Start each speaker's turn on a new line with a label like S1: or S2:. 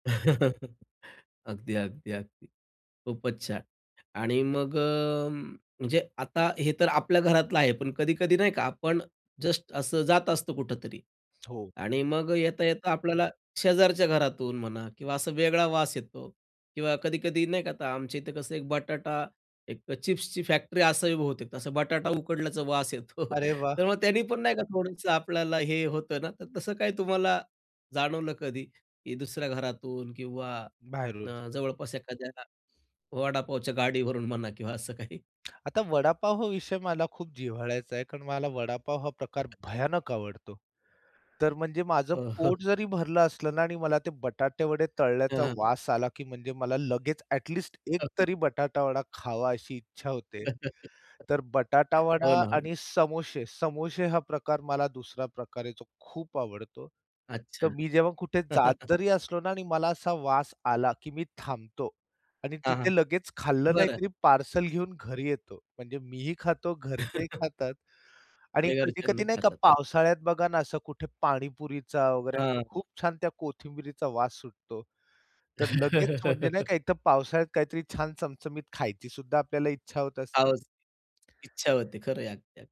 S1: अगदी, अगदी, अगदी. खूपच छान. आणि मग अ, म्हणजे आता हे तर आपल्या घरातलं आहे. पण कधी-कधी नाही का आपण जस्ट असं जात असतो कुठेतरी
S2: हो.
S1: आणि मग अ, येता-येता आपल्याला शेजारच्या घरातून म्हणा किंवा असा वेगळा वास येतो किंवा कधी-कधी नाही का आता आमच्या इथे कसं एक बटाटा, एक चिप्सची फॅक्टरी असावी बहुतेक, असं बटाटा उकडल्याचा वास येतो.
S2: अरे
S1: तर
S2: वाह!
S1: मग त्यानी पण नाही का थोडंसं आपल्याला हे होतं ना? तर तसं काही तुम्हाला जाणवलं कधी की दुसऱ्या घरातून किंवा
S2: बाहेरून.
S1: अ, जवळपास एखाद्या वडापावच्या गाडीवरून म्हणा किंवा असं काही?
S2: आता वडापाव हा विषय मला खूप जिव्हाळ्याचा आहे कारण मला वडापाव हा प्रकार
S1: [unintelligible]
S2: भयानक आवडतो. तर म्हणजे माझं
S1: हो, हो.
S2: पोट जरी भरलं असलं ना आणि मला ते बटाटे वडे तळण्याचा
S1: हं.
S2: वास आला की म्हणजे मला लगेच ऍटलिस्ट एक
S1: [unintelligible]
S2: तरी बटाटावडा खावा अशी इच्छा होते. तर
S1: हो
S2: बटाटावडा
S1: ना. हो.
S2: आणि समोसे. समोसे हा प्रकार मला दुसरा प्रकार आहे जो खूप आवडतो. तर
S1: अच्छा.
S2: मी जेव्हा कुठे जात जरी असलो ना आणि मला असा वास आला की मी थांबतो आणि
S1: हां, हां.
S2: तिथे लगेच खाल्लं नाही
S1: बरं.
S2: तरी पार्सल घेऊन घरी येतो. म्हणजे मीही खातो, घरचेही खातात आणि
S1: आणि घरच्यांना
S2: कधी-कधी
S1: ही
S2: नाही का
S1: खातात अगदी.
S2: पावसाळ्यात बघा ना असं कुठे पाणीपुरीचा वगैरे
S1: हां,
S2: असं
S1: हां.
S2: खूप छान त्या कोथिंबिरीचा वास सुटतो. तर लगेच म्हणजे नाही का एक तर पावसाळ्यात काहीतरी छान चमचमीत खायचीसुद्धा आपल्याला इच्छा होत
S1: हाव
S2: असते.
S1: असती. इच्छा होते. खरंय अगदी.